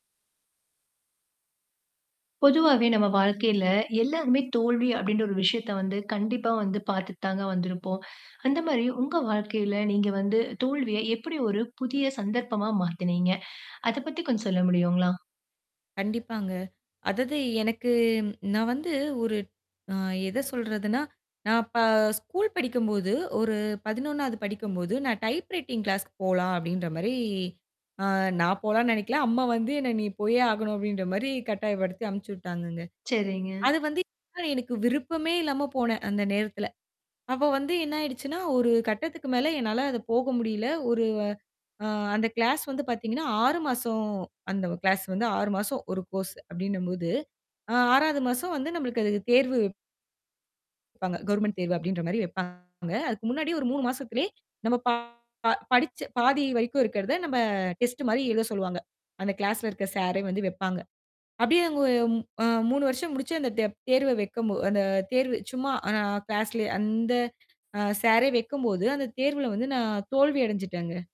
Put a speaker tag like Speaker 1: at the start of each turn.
Speaker 1: பொதுவாவே நம்ம வாழ்க்கையில எல்லாருமே தோல்வி அப்பிடின்ற ஒரு விஷயத்த வந்து கண்டிப்பா வந்து பார்த்துத்தாங்க வந்திருப்போம். அந்த மாதிரி உங்க வாழ்க்கையில நீங்க வந்து தோல்விய எப்பிடி ஒரு புதிய சந்தர்ப்பமா மாத்துனீங்க? அதப் பத்தி கொஞ்சம் சொல்ல முடியுங்களா?
Speaker 2: கண்டிப்பாங்க. அதாவது எனக்கு நான் வந்து ஒரு அ எதச் சொல்றதுன்னா, நான் அப்ப ஸ்கூல் படிக்கும்போது ஒரு 11 வது படிக்கும் போது நான் டைப்ரைட்டிங் கிளாஸ்க்கு போலாம் அப்பிடின்றமாரி, ஆ நான் போலான்னு நினைக்கல. அம்மா வந்து என்ன நீ போயே ஆகணும் அப்பிடின்றமாரி கட்டாயப்படுத்தி அனுப்பிச்சு விட்டாங்கங்க.
Speaker 1: சரிங்க.
Speaker 2: அது வந்து எனக்கு விருப்பமே இல்லாம போனேன். அந்த நேரத்துல. அப்ப வந்து என்ன ஆயிடுச்சுன்னா, ஒரு கட்டத்துக்கு மேல என்னால போக முடியல. ஒரு அந்த கிளாஸ் வந்து பாத்தீங்கன்னா 6 மாசம் அந்த கிளாஸ் வந்து 6 மாசம் ஒரு கோர்ஸ் அப்பிடின்னம்போது, ஆ 6 வது மாசம் வந்து நம்மளுக்கு அதுக்கு தேர்வு வப்பாங்க கவர்மெண்ட் தேர்வு அப்பிடின்ற மாரி வப்பாங்க அதுக்கு முன்னாடி ஒரு 3 மாசத்துல நம்ம ப படிச்ச பாதி வரைக்கும் இருக்கிறத நம்ம டெஸ்ட் மாரி எழுதச் சொல்லுவாங்க. அந்த கிளாஸ்ல இருக்க சாரே வந்து வைப்பாங்க. அப்பிடியே அவுங்க அ 3 வருஷம் முடிச்சு, அந்தத் தே தேர்வ வைக்கும் போ அந்த தேர்வு சும்மா ஆனா கிளாஸ்லே அந்த அ சாரே வைக்கும்போது அந்தத் தேர்வுல வந்து நான் தோல்வி அடைஞ்சுட்டேங்க.